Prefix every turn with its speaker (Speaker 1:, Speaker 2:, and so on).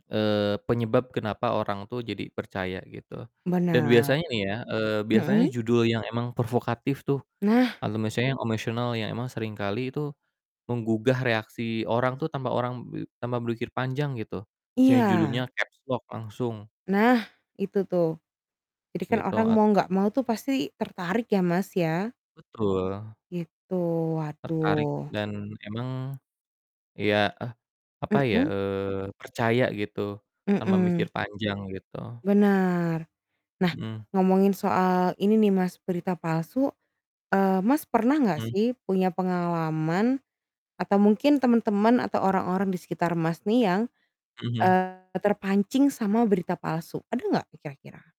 Speaker 1: Eee, penyebab kenapa orang tuh jadi percaya gitu dan
Speaker 2: Benar.
Speaker 1: biasanya nih ya, eee, biasanya
Speaker 2: Mhm?
Speaker 1: judul yang emang provokatif tuh,
Speaker 2: Nah.
Speaker 1: lalu misalnya yang emosional yang emang sering kali itu menggugah reaksi orang tuh tanpa orang be tanpa berpikir panjang gitu, misalnya judulnya
Speaker 2: Iya.
Speaker 1: capslock langsung.
Speaker 2: Nah, itu tuh. Jadi kan
Speaker 1: Gitu,
Speaker 2: orang
Speaker 1: at
Speaker 2: mau nggak mau tuh pasti tertarik ya, Mas, ya?
Speaker 1: Betul.
Speaker 2: Gitu,
Speaker 1: Tertarik
Speaker 2: waduh.
Speaker 1: dan emang, ya eh, apa ya,
Speaker 2: Mhm?
Speaker 1: eee, percaya gitu, tanpa mikir
Speaker 2: Mhm.
Speaker 1: panjang, gitu.
Speaker 2: Bener. Nah,
Speaker 1: Mhm.
Speaker 2: ngomongin soal ini nih Mas, berita palsu, eee, Mas, pernah nggak
Speaker 1: Hmm.
Speaker 2: sih punya pengalaman atau mungkin teman-teman atau orang-orang di sekitar Mas, nih yang,
Speaker 1: Mhm mhm.
Speaker 2: eee, terpancing sama berita palsu? Ada nggak kira-kira?